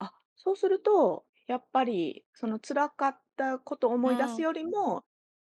あ、そうすると、やっぱりその辛かったことをう思い出すん。よりも、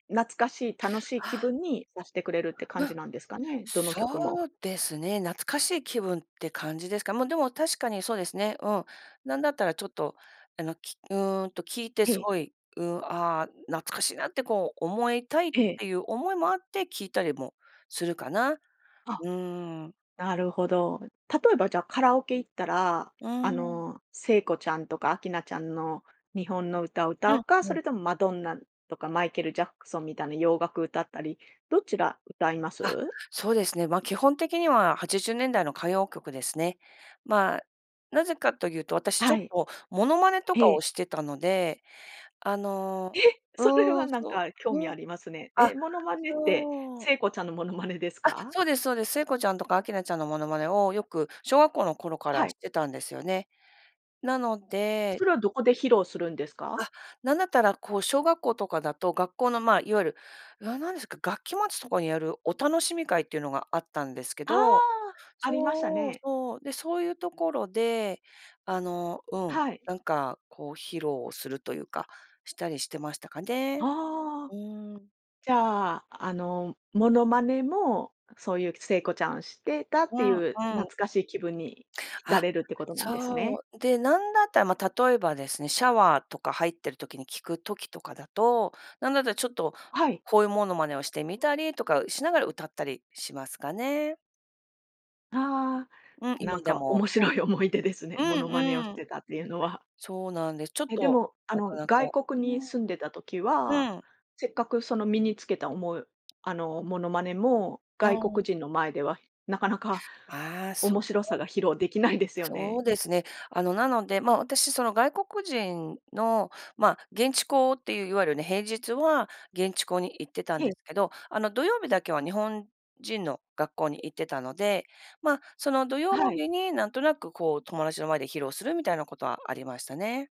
懐かしい、楽しい気あ。分にさしてくれるって感うん。じなんですかね、どの曲も。そうですね、懐かしい気分って感じですか、ま、でも確かにそうですね。うん。なんだったらちょっとあの、きうんと聞いてえすえ。ごい、うん、あ、懐かしいなってこう、思いたいっええ。ていう思いもあって聞いたりもするかな。あ、うん。なるほど。例えばじゃあ、カラオケ行ったら、うあん。の聖子ちゃんとか明菜ちゃんの日本の歌をう歌うん、か、そうん。れともマドンナとかマイケルジャクソンみたいな洋楽歌ったり、どちら歌いまあ、す？そうですね、ま、基本的には80年代の歌謡曲ですね。ま、何故かというと、私ちょはっい。とモノマネとかええ。をしてたので、あえ、のそれうはん、なんそか興う、味うん。ありますね。あえ、モノマネって、そう。聖子ちゃんのモノマネですあ、か？そうですそうです。聖子ちゃんとか明菜ちゃんのモノマネをよく、小学校の頃かはらい。してたんですよね。なのでそれはどこで披露するんですか？あ、なんだったらこう小学校とかだと学校のま、いわゆる、な何ですか、学期末とかにやるお楽しみ会っていうのがあったんですけあ、ど、ありましたそう、ね。そう、で、そういうところで、あの、うん、はい。なんかこう披露するというか、したりしてましたかね。ああ、うん。じゃあ、あのモノマネも、そういう聖子ちゃんしてたっうていん、うう懐ん。かしい気分に浸あ、れるってことなんですね。そう。で、なんだったら、ま、例えばですね、シャワーとか入ってる時に聴く時とかだと、なんだったらちょっと、はい。声モノマネをしてみたりとかしながら歌ったりしますかね。ああ、うん、な今んでかも、面うん。白い思い出ですね。モうノマネをんしうん。てたっていうのは。そうなんです。ちょっえ、でと、も、あなかの、なか外う国にん。住んでた時は、うん。せっかくその身につけたおもあの、モノマネもう外国ん。人の前では、なかなかああ、そ面白さが披露できないで [unintelligible] すよそうね。ですね、あの、なので、ま、私、その外国人の、ま、現地校っていういわゆるね、平日は現地校に行ってたんえでえ。すけど、あの、土曜日だけは日本人の学校に行ってたので、ま、その土曜はい。日になんとなくこう、友達の前で披露するみたいなことはありましたね。